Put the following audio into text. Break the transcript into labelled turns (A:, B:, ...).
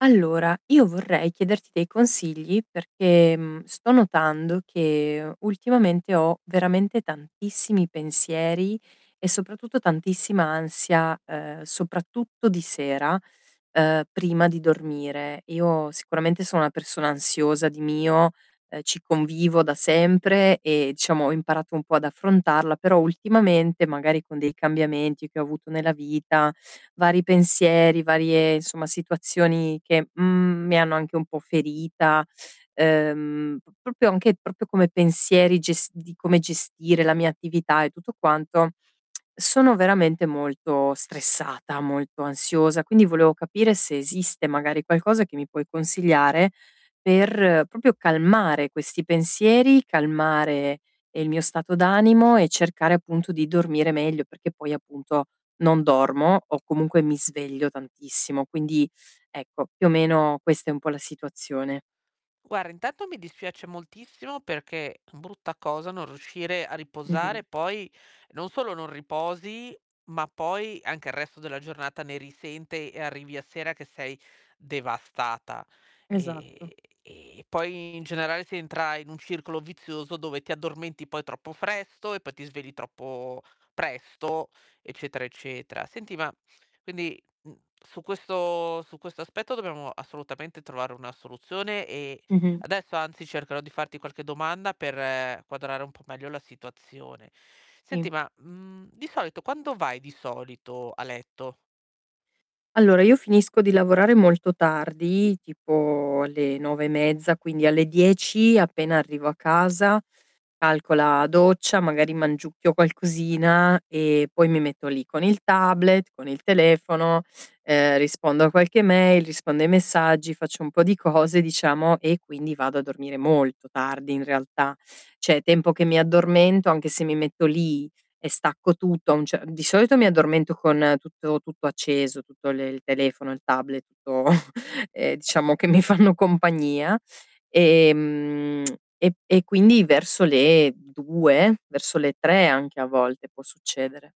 A: Allora, io vorrei chiederti dei consigli perché, mhmm, sto notando che ultimamente ho veramente tantissimi pensieri e soprattutto tantissima ansia, ehm, soprattutto di sera, ehm, prima di dormire. Io sicuramente sono una persona ansiosa di mio, ehm, ci convivo da sempre e diciamo ho imparato un po' ad affrontarla, però ultimamente, magari con dei cambiamenti che ho avuto nella vita, vari pensieri, varie insomma situazioni che, mhmm, mi hanno anche un po' ferita, ehm, p proprio anche proprio come pensieri ges di come gestire la mia attività e tutto quanto, sono veramente molto stressata, molto ansiosa, quindi volevo capire se esiste magari qualcosa che mi puoi consigliare per, proprio calmare questi pensieri, calmare, ehm, il mio stato d'animo e cercare appunto di dormire meglio, perché poi, appunto, non dormo o comunque mi sveglio tantissimo. Quindi, ecco, più o meno questa è un po' la situazione.
B: Guarda intanto mi dispiace moltissimo perché brutta cosa non riuscire a
A: Mh-mh.
B: riposare poi non solo non riposi, ma poi anche il resto della giornata ne risente e arrivi a sera che sei devastata.
A: Esatto.
B: E e ehm, e poi in generale si entra in un circolo vizioso dove ti addormenti poi troppo presto e poi ti svegli troppo presto, eccetera, eccetera. Senti ma quindi, uhm, su questo su questo aspetto dobbiamo assolutamente trovare una soluzione e
A: Mh-mh.
B: adesso anzi cercherò di farti qualche domanda per quadrare un po' meglio la situazione. Senti,
A: Sì.
B: ma, mhmm, di solito quando vai di solito a letto?
A: Allora io finisco di lavorare molto tardi, tipo alle 9:30, quindi alle 10, appena arrivo a casa, calcola doccia, magari mangiucchio qualcosina e poi mi metto lì con il tablet, con il telefono, ehm, rispondo a qualche mail, rispondo ai messaggi, faccio un po' di cose diciamo e quindi vado a dormire molto tardi in realtà. Cioè, tempo che mi addormento, anche se mi metto lì e stacco tutto, a un ce di solito mi addormento con tutto tutto acceso, tutto le il telefono, il tablet, tutto, ehm, diciamo che mi fanno compagnia, ehm, e e quindi verso le 2? Verso le 3 anche a volte, può succedere.